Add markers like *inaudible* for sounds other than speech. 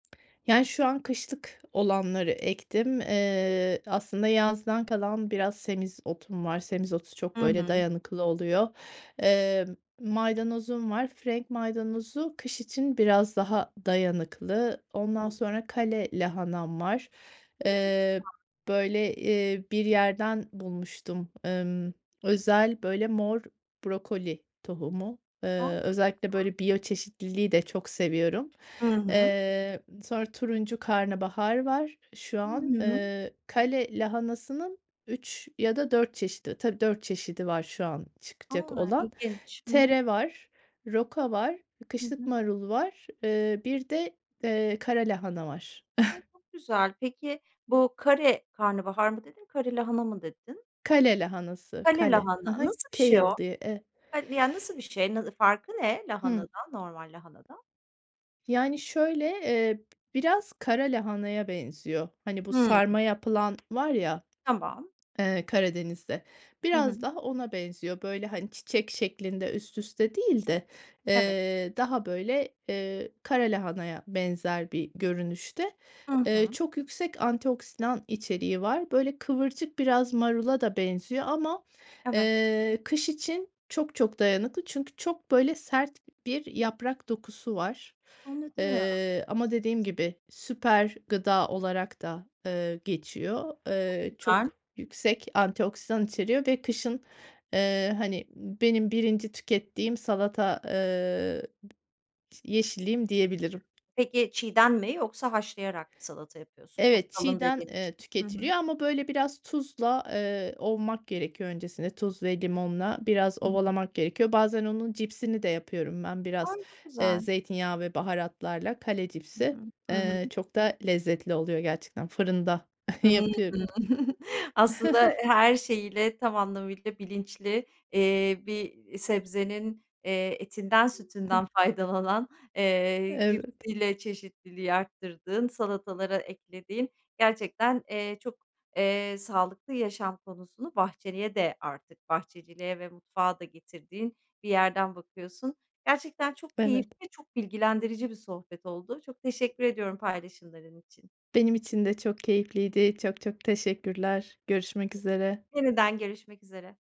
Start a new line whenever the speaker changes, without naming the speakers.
Yani, şu an kışlık olanları ektim. Eee, aslında yazdan kalan biraz semizotum var. Semizotu çok,
Hı
böyle,
hı.
dayanıklı oluyor. Emm, maydanozum var. Frenk maydanozu kış için biraz daha dayanıklı. Ondan
*unintelligible*
sonra kale lahanam var,
Hı, çok
eee,
güzel.
böyle, eee, bir yerden bulmuştum. Emm, özel, böyle, mor brokoli tohumu.
A, çok
Eee, özellikle
güzel.
böyle biyoçeşitliliği de çok seviyorum.
Hı hı.
Eee, sonra turuncu karnabahar var şu
Hı
an.
hı.
Eee, kale lahanasının 3 ya da 4 çeşidi, tabii, 4 çeşidi var şu an
A!
çıkacak olan.
İlginç. Hı hı.
Tere var, roka var,
Hı
kışlık
hı.
marul var. Eee, bir de, eee, kara lahana var.
A!
*chuckles*
Çok güzel. Pek,i bu kare karnabahar mı dedin, kare lahana mı dedin?
Kale lahanası,
Kale
kale. Hı
lahana,
hı.
nasıl bir şey o?
kale diye, eee
Han yani, nasıl bir şey, n ne farkı ne
Hıı.
lahanadan, normal lahanadan?
Yani, şöyle, eee, b biraz kara lahanaya benziyor. Hani, bu
Hımm.
sarma yapılan var ya,
Tamam.
eee, Karadeniz'de,
Hı
biraz
hı.
daha ona benziyor. Böyle, hani, çiçek şeklinde üst üste değil de,
Evet.
eee, daha böyle, eee, kara lahanaya benzer bir görünüşte.
Hı
Eee,
hı.
çok yüksek antioksidan içeriği var. Böyle, kıvırcık biraz marula da benziyor ama,
Evet.
eee, kış için çok çok dayanıklı çünkü çok, böyle, sert bir yaprak dokusu var.
Anladım.
Eee, ama dediğim gibi süper gıda olarak da, eee, geçiyor.
Çok
Eee,
güzel.
çok yüksek antioksidan içeriyor ve kışın, eee, hani, benim 1'inci tükettiğim salata, eee, bı yeşilliğim diyebilirim.
Peki, çiğden mi yoksa haşlayarak mı salata yapıyorsun? Çok
Evet,
kalın
çiğden,
dediğin
eee,
için. Hı hı.
tüketiliyor ama böyle biraz tuzla, eee, ovmak gerekiyor öncesinde. Tuz ve limonla biraz
Hı hı.
ovalamak gerekiyor. Bazen onun cipsini de yapıyorum ben biraz,
Ay! Çok
eee,
güzel.
zeytinyağı ve baharatlarla. Kale
Hı
cipsi,
hı, hı
eee,
hı.
çok da lezzetli oluyor gerçekten, fırında *chuckles*
Hıı.
yapıyorum.
*chuckles* Aslında, eee,
*chuckles*
her şeyiyle, tam anlamıyla bilinçli, iii, bir sebzenin, eee, etinden sütünden faydalanan, eee,
Evet.
*unintelligible* çeşitliliği arttırdığın, salatalara eklediğin, gerçekten, eee, çok, eee, sağlıklı yaşam konusunu bahçeliye de artık bahçeciliğe ve mutfağa da getirdiğin bir yerden bakıyorsun. Gerçekten çok keyifli
Evet.
ve çok bilgilendirici bir sohbet oldu. Çok teşekkür ediyorum paylaşımların için.
Benim için de çok keyifliydi. Çok çok teşekkürler. Görüşmek üzere.
Yeniden görüşmek üzere.